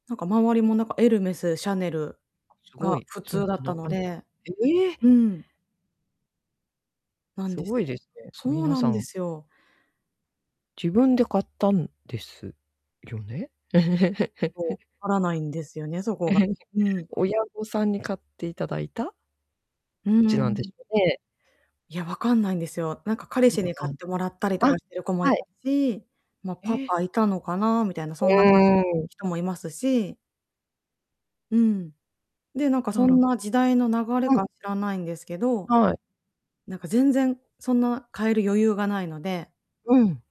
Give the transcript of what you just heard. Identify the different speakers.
Speaker 1: なんか、周りも、なんか、エルメス、シャネル
Speaker 2: すご
Speaker 1: が
Speaker 2: い、
Speaker 1: 普
Speaker 2: そん
Speaker 1: 通だっ
Speaker 2: な
Speaker 1: た
Speaker 2: な
Speaker 1: の
Speaker 2: かなか
Speaker 1: で。
Speaker 2: え
Speaker 1: う
Speaker 2: え。
Speaker 1: ん。なんです
Speaker 2: 凄いで
Speaker 1: よ。
Speaker 2: すね、
Speaker 1: そう
Speaker 2: 皆
Speaker 1: な
Speaker 2: さ
Speaker 1: んで
Speaker 2: ん。
Speaker 1: すよ。
Speaker 2: 自分で買ったんですよね？
Speaker 1: そう、わからないんですよね、そこが、うん。
Speaker 2: 親御さんに買っていただいた？どっ
Speaker 1: うー
Speaker 2: ちなんで
Speaker 1: ん。
Speaker 2: しょうね。
Speaker 1: いや、分かんないんですよ。なんか、彼氏
Speaker 2: あ
Speaker 1: に買ってもらったり
Speaker 2: あ、
Speaker 1: と
Speaker 2: あ、
Speaker 1: かしてる子もい
Speaker 2: は
Speaker 1: た
Speaker 2: い。
Speaker 1: し、まあ、
Speaker 2: え
Speaker 1: パ
Speaker 2: え。
Speaker 1: パいたのかなみたいな、
Speaker 2: う
Speaker 1: そんな [unintelligible]
Speaker 2: ーん。
Speaker 1: 人もいますし。うん、で、なんか、そ
Speaker 2: あ
Speaker 1: ん
Speaker 2: ら。
Speaker 1: な時代の流れ
Speaker 2: うん。
Speaker 1: か知らないんですけど、
Speaker 2: はい。
Speaker 1: なんか、全然そんな買える余裕がないので
Speaker 2: うん。